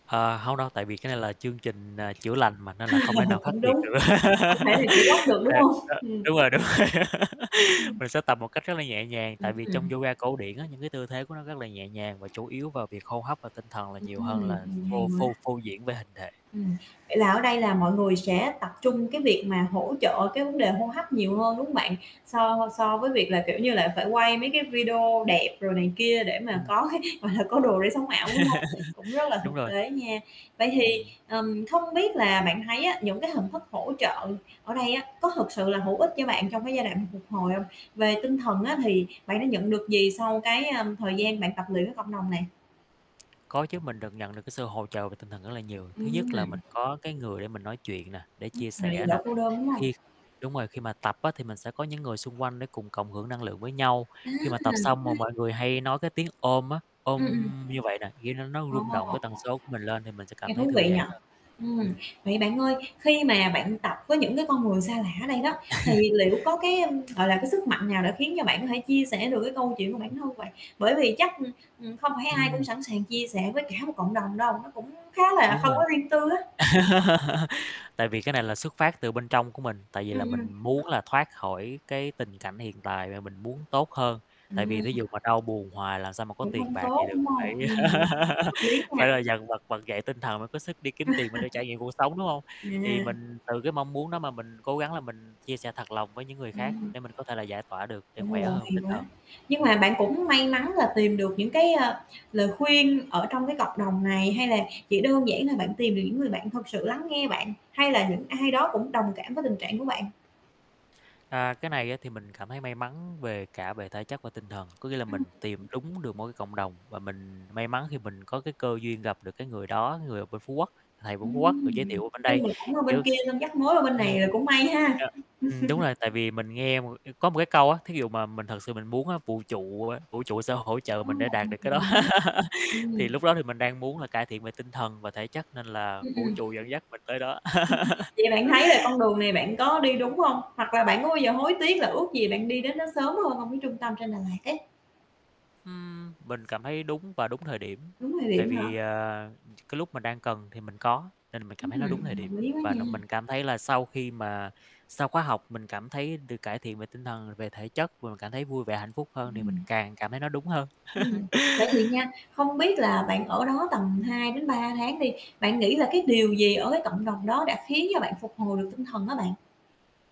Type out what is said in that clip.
Ờ, hông đâu, tại vì cái này là chương trình, ờ, chữa lành mà, nên là không thể nào khắc Cũng nghiệt đúng, được. không thể nào chữa gấp được, đúng Ê, hông? ơ. Ừm. Đúng rồi, đúng rồi, Ừm. mình sẽ tập một cách rất là nhẹ nhàng, tại vì trong Ừm. yoga cổ điển á, những cái tư thế của nó rất là nhẹ nhàng và chủ yếu vào việc hô hấp và tinh thần là Ừm, nhiều hơn là ừm, hay phô quá. phô phô diễn về hình thể. Ừm, vậy là ở đây là mọi người sẽ tập trung cái việc mà hỗ trợ cái vấn đề hô hấp nhiều hơn, đúng hông bạn? So so với việc là, kiểu như là, phải quay mấy cái video đẹp rồi này kia để mà Ừm. có cái, gọi là, có đồ để sống ảo, đúng hông? Cũng rất là Đúng thực rồi. tế nha. Vậy thì, Ừm. ờ, không biết là bạn thấy á những cái hình thức hỗ trợ ở đây á có thực sự là hữu ích cho bạn trong cái giai đoạn phục hồi hông? Về tinh thần á, thì bạn đã nhận được gì sau cái, ơm, thời gian bạn tập luyện với cộng đồng này? Có chứ, mình được nhận được cái sự hỗ trợ về tinh thần rất là nhiều, thứ nhất là Ừm. mình có cái người để mình nói chuyện nè, để Ừm, chia lại sẻ nè, đỡ cô đơn, đúng hông? khi đúng rồi, khi mà tập á thì mình sẽ có những người xung quanh để cùng cộng hưởng năng lượng với nhau, À, cũng khi hay. mà tập xong mà mọi người hay nói cái tiếng "ôm" á, "ôm" Ừm, ừm. như vậy nè, kiểu, nó nó Ồ. rung động cái tần số của mình lên thì mình sẽ Nghe cảm thấy thú thư vị giãn nhỉ. hơn. Ừm, Ừm. vậy bạn ơi, khi mà bạn tập với những cái con người xa lạ ở đây đó, thì liệu có cái, gọi là, cái sức mạnh nào đã khiến cho bạn có thể chia sẻ được cái câu chuyện của Ừm. bản thân vậy, bởi vì chắc, ừm, ừm, không phải ai cũng Ừm. sẵn sàng chia sẻ với cả một cộng đồng đâu, nó cũng khá là Đúng không rồi. có riêng tư á. Tại vì cái này là xuất phát từ bên trong của mình, tại vì Ừm, là ừm. mình muốn là thoát khỏi cái tình cảnh hiện tại và mình muốn tốt hơn, tại vì Ừm. thí dụ mà đau buồn hoài làm sao mà có Cũng tiền hông bạc vậy tốt, được, đúng phải hông? Ừm, hợp lý phải nha. là dằn vặt vực dậy tinh thần mới có sức đi kiếm tiền mà để trải nghiệm cuộc sống, đúng hông? Thì mình À. từ cái mong muốn đó mà mình cố gắng là mình chia sẻ thật lòng với những người khác Ừm. để mình có thể là giải tỏa được, để Ồ, khỏe hơn về hay tinh thần. quá, nhưng Ừm. mà bạn cũng may mắn là tìm được những cái, ờ, lời khuyên ở trong cái cộng đồng này, hay là chỉ đơn giản là bạn tìm được những người bạn thật sự lắng nghe bạn, hay là những ai đó cũng đồng cảm với tình trạng của bạn? À, cái này á, thì mình cảm thấy may mắn về cả về thể chất và tinh thần, có nghĩa là Ừm. mình tìm đúng được một cái cộng đồng và mình may mắn khi mình có cái cơ duyên gặp được cái người đó, người ở bên Phú Quốc, thầy bên Phú Quốc, được giới Ừm. thiệu mình bên Nói đây, chung là cũng là bên kiểu kia xong dắt mối qua bên ừm, này là cũng may ha. ờ, ừm, đúng rồi. Tại vì mình nghe một có một cái câu á, thí dụ mà mình thật sự mình muốn á, vũ trụ, ơ, vũ trụ sẽ hỗ trợ Ô, mình để đạt được cái tuyệt đó, vời ha. thì Ừm. lúc đó thì mình đang muốn cải thiện về tinh thần và thể chất nên là Ừm, vũ ừm. trụ dẫn dắt mình tới đó. Vậy bạn thấy là con đường này bạn có đi đúng hông? Hoặc là bạn có bao giờ hối tiếc là ước gì bạn đi đến đó sớm hơn hông, cái trung tâm trên Đà Lạt ấy? Ừm, mình cảm thấy đúng và đúng thời điểm, Đúng thời tại điểm hả? vì, ờ, ch cái lúc mình đang cần thì mình có nên mình cảm thấy nó đúng thời Ừm, điểm, hợp lý quá và nó nha. mình cảm thấy là sau khi mà sau khóa học, mình cảm thấy được cải thiện về tinh thần, về thể chất, và mình cảm thấy vui vẻ, hạnh phúc hơn, thì mình Ừm. càng cảm thấy nó đúng hơn. Ừm, vậy thì nha, không biết là bạn ở đó tầm 2-3 tháng đi, bạn nghĩ là cái điều gì ở cái cộng đồng đó đã khiến cho bạn phục hồi được tinh thần á bạn?